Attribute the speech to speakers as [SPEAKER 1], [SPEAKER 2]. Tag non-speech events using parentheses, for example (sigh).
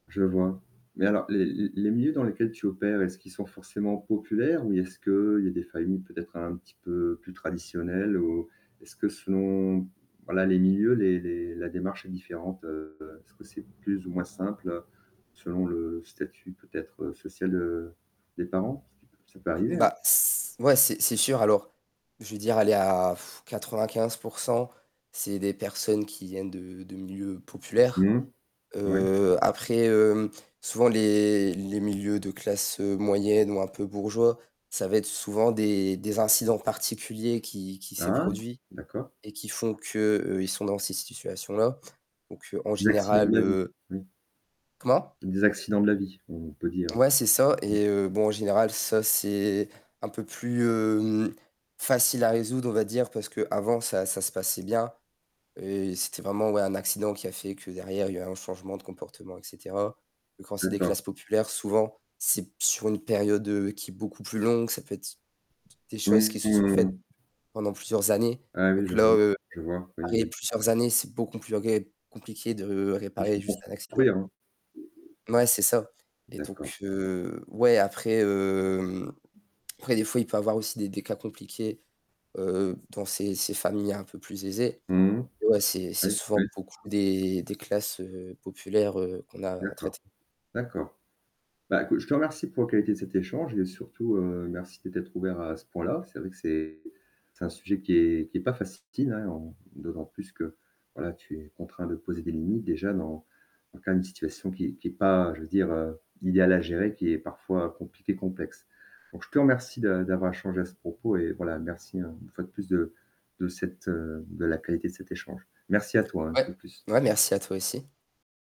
[SPEAKER 1] Je vois. Mais alors les les les milieux dans lesquels tu opères, est-ce qu'ils sont forcément populaires? Ou est-ce qu'il y a des familles, peut-être un petit peu plus traditionnelles? Ou est-ce que selon, voilà les milieux, les les la démarche est différente, heu, est-ce que c'est plus ou moins simple selon le statut, peut-être social, heu, des parents? Ça peut arriver hein.
[SPEAKER 2] Bah s ouais, c'est c'est sûr. Alors, je veux dire, aller à (sighs) 95 %, c'est des personnes qui viennent de de milieux populaires.
[SPEAKER 1] Mmh, ouais.
[SPEAKER 2] Heu, après, hem, souvent les les milieux de classe, heu, moyenne ou un peu bourgeois, ça va être souvent des des incidents particuliers qui qui s'est
[SPEAKER 1] Ah
[SPEAKER 2] produit
[SPEAKER 1] d'accord.
[SPEAKER 2] et qui font que, heu, ils sont dans ces situations-là. Donc, heu, en
[SPEAKER 1] Les accidents de
[SPEAKER 2] général,
[SPEAKER 1] la vie.
[SPEAKER 2] heu
[SPEAKER 1] Mmh.
[SPEAKER 2] Comment?
[SPEAKER 1] Des accidents de la vie, on peut dire, heu,
[SPEAKER 2] Ouais, c'est ça,
[SPEAKER 1] mmh.
[SPEAKER 2] et heu, bon en général, ça c'est un peu plus, hem, facile à résoudre on va dire, parce qu'avant ça ça se passait bien, et c'était vraiment ouais, un accident qui a fait que derrière il y a eu un changement de comportement et cetera, que quand c'est des
[SPEAKER 1] D'accord.
[SPEAKER 2] classes populaires, souvent, c'est p sur une période qui est beaucoup plus longue. Ça peut être des choses qui
[SPEAKER 1] Mmh
[SPEAKER 2] se sont faites
[SPEAKER 1] mh.
[SPEAKER 2] pendant plusieurs années.
[SPEAKER 1] Ah oui,
[SPEAKER 2] Donc
[SPEAKER 1] je
[SPEAKER 2] là,
[SPEAKER 1] vois,
[SPEAKER 2] heu,
[SPEAKER 1] je vois. Oui,
[SPEAKER 2] réparer
[SPEAKER 1] oui.
[SPEAKER 2] plusieurs années, c'est beau compliqué de
[SPEAKER 1] De se
[SPEAKER 2] réparer juste un
[SPEAKER 1] construire
[SPEAKER 2] accident.
[SPEAKER 1] hein.
[SPEAKER 2] Mouais, c'est ça et
[SPEAKER 1] D'accord.
[SPEAKER 2] donc, heu, ouais, après, hem, après des fois, il peut y avoir aussi des des cas compliqués, heu, dans ces ces familles un peu plus aisées,
[SPEAKER 1] Mmh mh.
[SPEAKER 2] et ouais, c'est
[SPEAKER 1] Oui,
[SPEAKER 2] c'est
[SPEAKER 1] oui.
[SPEAKER 2] souvent beaucoup des des classes, heu, populaires, heu, qu'on a à traiter.
[SPEAKER 1] D'accord, d'accord. Bah écoute je te remercie pour la qualité de cet échange, et surtout, heu, merci de t'être ouvert à ce point-là. C'est vrai que c'est c'est un sujet qui est qui est pas facile hein, en d'autant plus que voilà tu es contraint de poser des limites, déjà dans dans le cas d'une situation qui qui est pas, je veux dire, heu, idéal à gérer, qui est parfois compliquée et complexe. Donc je te remercie de d'avoir échangé à ce propos et voilà, merci, une fois de plus de de cette, heu, de la qualité de cet échange. Merci à toi hein, un peu
[SPEAKER 2] Ouais.
[SPEAKER 1] plus.
[SPEAKER 2] Ouais, merci à toi aussi.